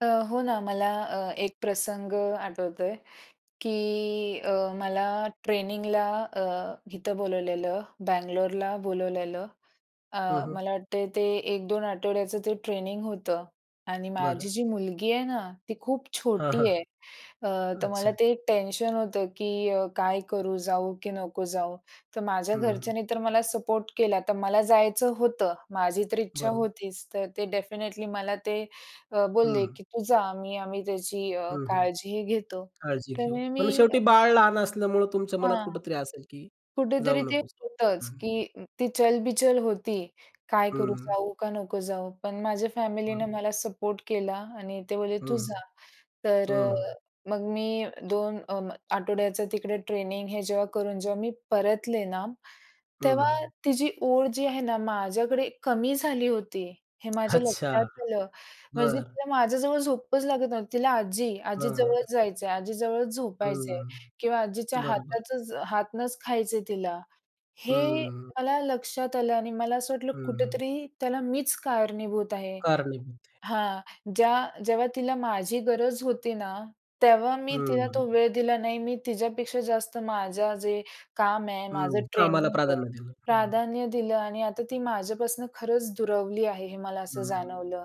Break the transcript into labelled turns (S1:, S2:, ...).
S1: अ, हो ना. मला अ, एक प्रसंग आठवतोय की अ, मला ट्रेनिंगला अ, इथं बोलावलेलं, बंगलोरला बोलावलेलं. अ,
S2: हं, हं.
S1: मला वाटतंय ते 1-2 आठवड्याचं ते ट्रेनिंग होतं. आणि माझी
S2: बरं.
S1: जी मुलगी आहे ना, ती खूप
S2: हां,
S1: छोटी
S2: हां.
S1: आहे. अ, तर मला
S2: अच्छा.
S1: ते एक टेन्शन होतं की अ, काय करू? जाऊ की नको जाऊ? तर माझ्या
S2: हं, हं.
S1: घरच्यानी तर मला सपोर्ट केला. तर मला जायचं होतं. माझी तर इच्छा
S2: बरं.
S1: होतीच. तर ते डेफिनिटली मला ते अ, बोलले
S2: हं.
S1: की तू जा, मी. आम्ही तिची अ,
S2: हं, हं.
S1: काळजीही घेतो.
S2: काळजी
S1: तर
S2: घेऊ.
S1: मी
S2: पण
S1: अ
S2: शेवटी बाळ लहान असल्यामुळे तुमच्या मनात
S1: हां.
S2: कुठेतरी असेल की, जाऊ
S1: कुठेतरी ते
S2: नकोसं.
S1: होतंच
S2: हं, हं.
S1: की ती चलबिचल होती. काय
S2: हं,
S1: करू?
S2: हं.
S1: जाऊ का नको जाऊ? पण माझ्या फॅमिलीने
S2: हां.
S1: मला सपोर्ट केला आणि ते बोलले तू
S2: हं, हं.
S1: जा. तर
S2: हं,
S1: अ,
S2: हं.
S1: मग मी 2 आठवड्याचा तिकडे ट्रेनिंग हे जेव्हा करून जेव्हा मी परतले ना,
S2: हं,
S1: तेव्हा
S2: हं.
S1: तिची ओढ जी आहे ना माझ्याकडे कमी झाली होती, हे माझ्या
S2: अच्छा.
S1: लक्षात आलं. म्हणजे
S2: बरं.
S1: तिला माझ्याजवळ झोपच लागत नव्हती. तिला आजी आजी
S2: हां.
S1: जवळच जायचं आहे, आजी जवळच झोपायचंय
S2: हं.
S1: किंवा आजीच्या
S2: बरोबर.
S1: हातचं हातनंच खायचे तिला. हे
S2: हं.
S1: मला लक्षात आलं, आणि मला असं वाटलं
S2: हं.
S1: कुठेतरी त्याला मीच कारणीभूत आहे
S2: कारणीभूत आहे.
S1: हां. ज्या जेव्हा तिला माझी गरज होती ना, तेव्हा मी तिला तो
S2: हं.
S1: वेळ दिला नाही. मी तिच्यापेक्षा जास्त माझं जे काम आहे, माझं
S2: हं.
S1: ट्रेनिंग
S2: कामाला
S1: आहे
S2: प्राधान्य दिलं. हं.
S1: प्राधान्य दिलं आणि आता ती माझ्यापासून खरंच दुरवली आहे. हे मला असं
S2: हं.
S1: जाणवलं.